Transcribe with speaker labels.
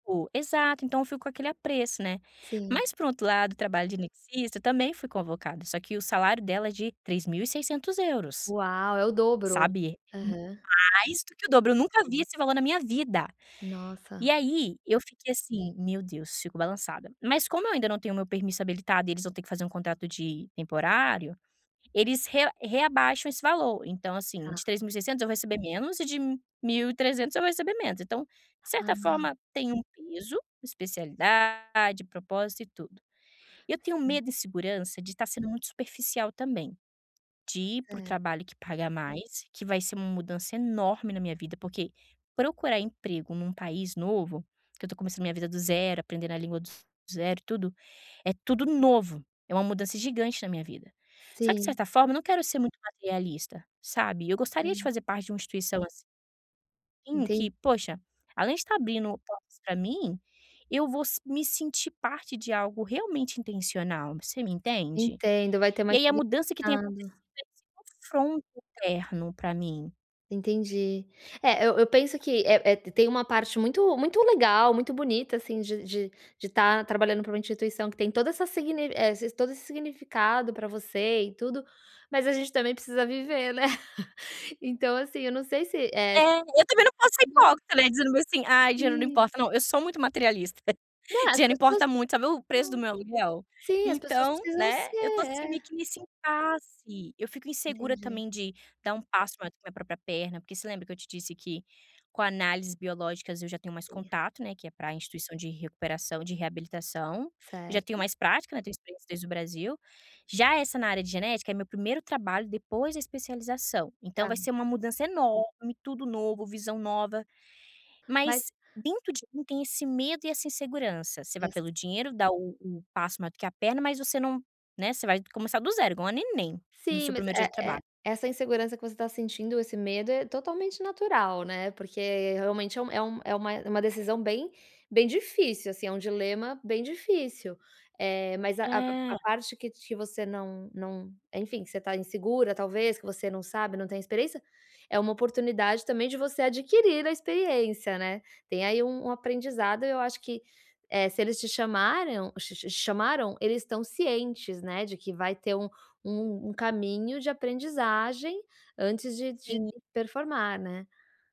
Speaker 1: O exato, então eu fico com aquele apreço, né,
Speaker 2: Sim.
Speaker 1: mas, por outro lado, o trabalho de anestesista, eu também fui convocada, só que o salário dela é de 3.600€,
Speaker 2: Uau, é o dobro.
Speaker 1: sabe. É
Speaker 2: Aham.
Speaker 1: mais do que o dobro, eu nunca vi esse valor na minha vida e
Speaker 2: Nossa.
Speaker 1: aí eu fiquei assim: "Meu Deus, fico balançada". Mas como eu ainda não tenho o meu permiso habilitado e eles vão ter que fazer um contrato de temporário, eles re reabaixam esse valor. Então, assim,
Speaker 2: Tá.
Speaker 1: de 3600 eu receber menos e de 1300 eu vou receber menos. Então, de certa
Speaker 2: Ah.
Speaker 1: forma, tem um peso, especialidade, propósito e tudo. Eu tenho
Speaker 2: Sim.
Speaker 1: medo e insegurança de tá sendo muito superficial também, de ir para o
Speaker 2: Cer
Speaker 1: trabalho que paga mais, que vai ser uma mudança enorme na minha vida, porque procurar emprego num país novo, que eu tô começando minha vida do zero, aprendendo a língua do zero, tudo, é tudo novo, é uma mudança gigante na minha vida. Só que, de
Speaker 2: Sim.
Speaker 1: certa forma, não quero ser muito materialista, sabe, eu gostaria de
Speaker 2: Hã.
Speaker 1: fazer parte de uma instituição ass em
Speaker 2: Enten
Speaker 1: que, poxa, além de tá abrindo portas pra mim, eu vou s me sentir parte de algo realmente intencional, você me entende?
Speaker 2: Entendo, vai ter
Speaker 1: E
Speaker 2: mais
Speaker 1: aí a mudança que tem acontecido
Speaker 2: significado.
Speaker 1: é esse confronto interno pra mim.
Speaker 2: Entendi. É, eu eu penso que é é tem uma parte muito muito legal, muito bonita, assim, de de de tá trabalhando pra uma instituição que tem toda essa sign eh, todo esse significado pra você e tudo. Mas a gente também precisa viver, né, então, assim, eu não sei se é
Speaker 1: É, eu também não posso ser
Speaker 2: né.
Speaker 1: hipócrita, né, dizendo assim: "Ai, dinheiro não
Speaker 2: Sim.
Speaker 1: importa". Não, eu sou muito materialista,
Speaker 2: Não, as
Speaker 1: dinheiro
Speaker 2: pessoas
Speaker 1: importa muito. Sabe o
Speaker 2: tá.
Speaker 1: preço do meu aluguel?
Speaker 2: Sim, as pessoas
Speaker 1: Então,
Speaker 2: precisam
Speaker 1: né,
Speaker 2: ser
Speaker 1: eu tô, assim, meio
Speaker 2: é.
Speaker 1: que nesse impasse. Eu fico insegura
Speaker 2: Entendi.
Speaker 1: também de dar um passo maior que a minha própria perna, porque você lembra que eu te disse que com análises biológicas eu já tenho mais
Speaker 2: [unintelligible]
Speaker 1: contato, né, que é pra instituição de recuperação de reabilitação. Eu já tenho
Speaker 2: Certo.
Speaker 1: mais prática, né, tenho experiência desde o Brasil. Já essa na área de genética é meu primeiro trabalho depois da especialização, então
Speaker 2: Tá.
Speaker 1: vai ser uma mudança enorme, tudo novo, visão nova.
Speaker 2: Mas
Speaker 1: Mas dentro de mim tem esse medo e essa insegurança. Você vai
Speaker 2: Certo.
Speaker 1: pelo dinheiro, dá o o passo maior que a perna, mas você não né, você vai começar do zero, igual uma neném no
Speaker 2: Sim,
Speaker 1: seu
Speaker 2: mas,
Speaker 1: primeiro dia
Speaker 2: é
Speaker 1: de
Speaker 2: é
Speaker 1: trabalho.
Speaker 2: essa insegurança que você tá sentindo, esse medo, é totalmente natural, né. Porque realmente é um é um é uma é uma decisão bem bem difícil, assim, é um dilema bem difícil. Eh, mas a a
Speaker 1: É.
Speaker 2: parte que te você não não, enfim, você tá insegura talvez, que você não sabe, não tem experiência, é uma oportunidade também de você adquirir a experiência, né. Tem aí um um aprendizado, eu acho que, eh, se eles te chamaram ch ch chamaram eles estão cientes, né, de que vai ter um um caminho de aprendizagem antes de de
Speaker 1: Sim.
Speaker 2: performar, né.